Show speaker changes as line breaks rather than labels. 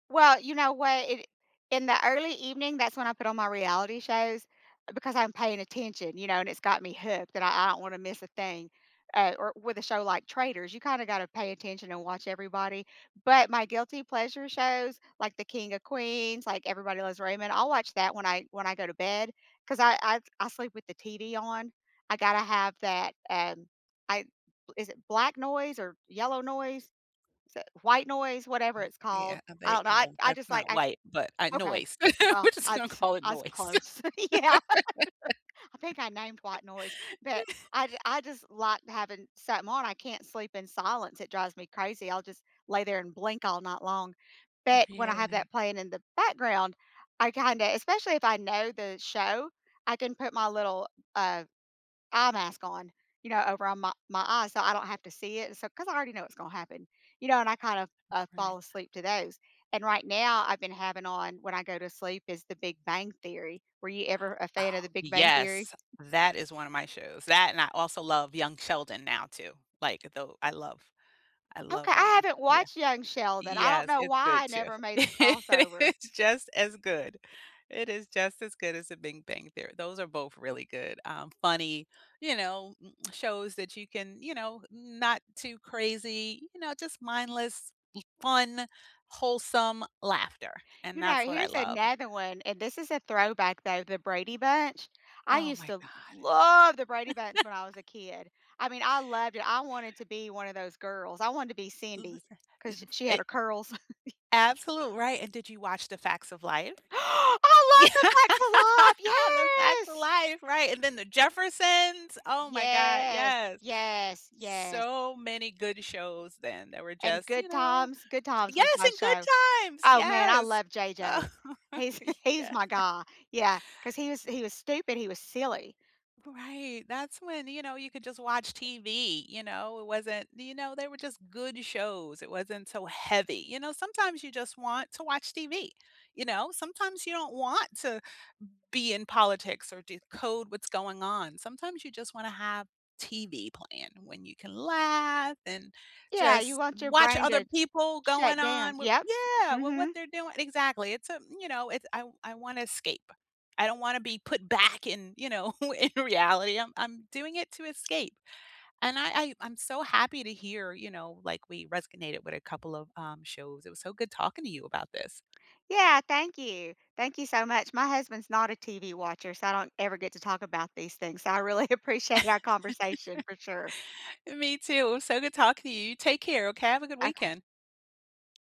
Well, you know what, i in the early evening, that's when I put on my reality shows, because I'm paying attention, you know, and it's got me hooked that I I don't wanna miss a thing, uh, or with a show like Traitors, you kinda gotta pay attention and watch everybody, but my guilty pleasure shows, like the King of Queens, like Everybody Loves Raymond, I'll watch that when I when I go to bed 'cause I I I sleep with the TV on, I gotta have that and I is it black noise or yellow noise, is it white noise, whatever it's called.
Yeah,
I
they
don't know, I
well,
I
that's
just like,
not
I
white, but, uh,
okay,
noise.
well,
We're just
I
gonna call it
I was
noise.
close. Yeah. I think I named white noise, but I j I just like having something on, I can't sleep in silence, it drives me crazy, I'll just lay there and blink all night long, but when I have
Really?
that playing in the background, I kinda especially if I know the show, I can put my little, uh, eye mask on, you know, over on my my eyes so I don't have to see it, so 'cause I already know what's gonna happen, you know, and I kind of, uh, fall
Right.
asleep to those, and right now, I've been having on, when I go to sleep, is the Big Bang Theory. Were you ever a
Oh,
fan of the Big Bang Theory?
yes. That is one of my shows, that and I also love Young Sheldon now too, like, though I love I love,
Okay, I
um
haven't
yeah.
watched Young Sheldon, I don't
Yes,
know
it's good
why I
too.
never made the crossover.
It's just as good, it is just as good as a Bing Bang Theory, those are both really good, um, funny, you know, shows that you can, you know, not too crazy, you know, just mindless, fun, wholesome laughter, and
You know,
that's what I
here's
love.
another one, and this is a throwback, though, The Brady Bunch. I
Oh
used
my
to
god.
love The Brady Bunch when I was a kid. I mean, I loved it I wanted to be one of those girls, I wanted to be Cindy,
Listen, f
'cause s she had
it
her curls.
Absolute right, and did you watch The Facts of Life?
I
Yeah,
love The Facts of Life!
The Facts of
Yes.
Life, right, and then The Jeffersons, oh my god,
Yes.
yes.
Yes, yes.
So many good shows then that were
And
just,
Good
you know
Times, Good Times was
Yes,
my
and Good
show.
Times,
Oh, man, I
yes.
love JJ. He's he's
Yeah.
my guy, yeah, 'cause he was he was stupid, he was silly.
Right, that's when, you know, you could just watch TV, you know, it wasn't, you know, they were just good shows, it wasn't so heavy, you know, sometimes you just want to watch TV, you know, sometimes you don't want to be in politics or decode what's going on, sometimes you just wanna have TV playing when you can laugh and
Yeah, you
just
want your
watch
brain
other
to
people going
shut down
on wi
Yep.
yeah, with what
mhm.
they're doin exactly, it's a, you know, it's I I wanna escape. I don't wanna be put back in, you know, in reality, I'm I'm doing it to escape, and I I I'm so happy to hear, you know, like, we resonated with a couple of, um, shows, it was so good talking to you about this.
Yeah, thank you. Thank you so much my husband's not a TV watcher, so I don't ever get to talk about these things, so I really appreciate our conversation for sure.
Me too, it was so good talking to you, you take care, okay, have a good
Okay.
weekend.